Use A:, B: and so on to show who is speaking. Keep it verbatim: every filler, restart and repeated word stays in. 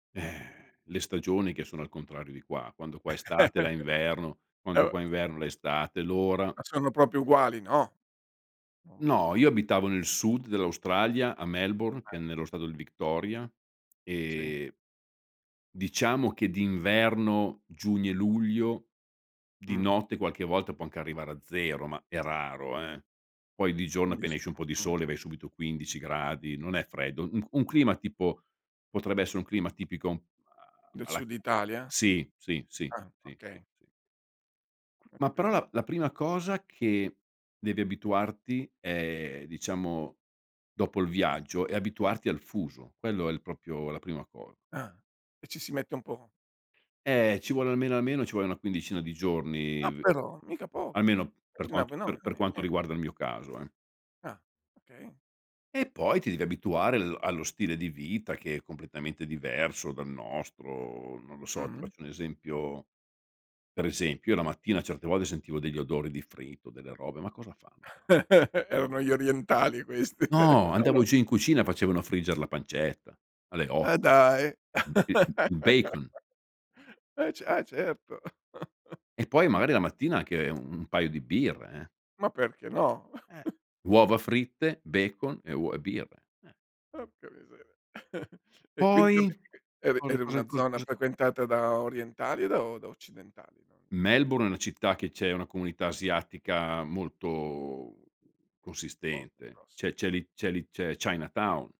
A: Eh, le stagioni che sono al contrario di qua, quando qua è estate, la è inverno,
B: Eh
A: quando
B: o
A: qua è inverno, la è estate, l'ora.
B: Ma sono proprio uguali? No. Mh.
A: No, io abitavo nel sud dell'Australia, a Melbourne, che è
B: Eh.
A: nello stato di Victoria
B: Sì.
A: e diciamo che d'inverno, giugno e luglio, di
B: Mh.
A: notte qualche volta può anche arrivare a zero, ma è raro, eh. Poi di giorno, appena
B: Capisco,
A: esce un po' di
B: mh.
A: sole, vai subito quindici gradi. Non è freddo. U un un clima, tipo, potrebbe essere un clima tipico a
B: Del
A: alla
B: sud Italia?
A: sì, sì, sì,
B: Ah,
A: sì, sì,
B: okay.
A: sì.
B: Ho
A: Ma però
B: capito.
A: la la prima cosa che devi abituarti è diciamo, dopo il viaggio, è abituarti al fuso, quello è l propio la prima cosa.
B: Ah, e ci si mette un po'?
A: Eh, ci vuole almeno, almeno, ci vuole una quindicina di giorni
B: Ah,
A: v
B: però. Mica pochi..
A: almeno, per quanto per per quanto
B: [unintelligible]
A: riguarda il mio caso, eh.
B: Ah, okay.
A: E poi ti devi abituare al allo stile di vita, che è completamente diverso dal nostro. Non lo so, ti
B: Mh-mh.
A: faccio un esempio. Per esempio, io la mattina certe volte sentivo degli odori di fritto, delle robe. Ma cosa fanno qua?
B: Erano gli orientali questi.
A: No,
B: O no.
A: andavo giù in cucina e facevano frigger la pancetta, alle
B: Ma
A: otto.
B: dai.
A: M il m il bacon.
B: E ce ah, certo.
A: E poi magari la mattina anche un un paio di birre, eh.
B: Ma perché no?
A: Eh, uova fritte, bacon e uo e birre, eh.
B: Porca miseria. E quindi
A: Poi,
B: vabbè, e eri
A: cosa
B: eri
A: cosa
B: una
A: cos
B: zona
A: cos
B: frequentata da orientali o da o da occidentali? Non
A: Melbourne è una città che c'è una comunità asiatica molto consistente, c'è c'è
B: [unintelligible]
A: li c'è li c'è Chinatown.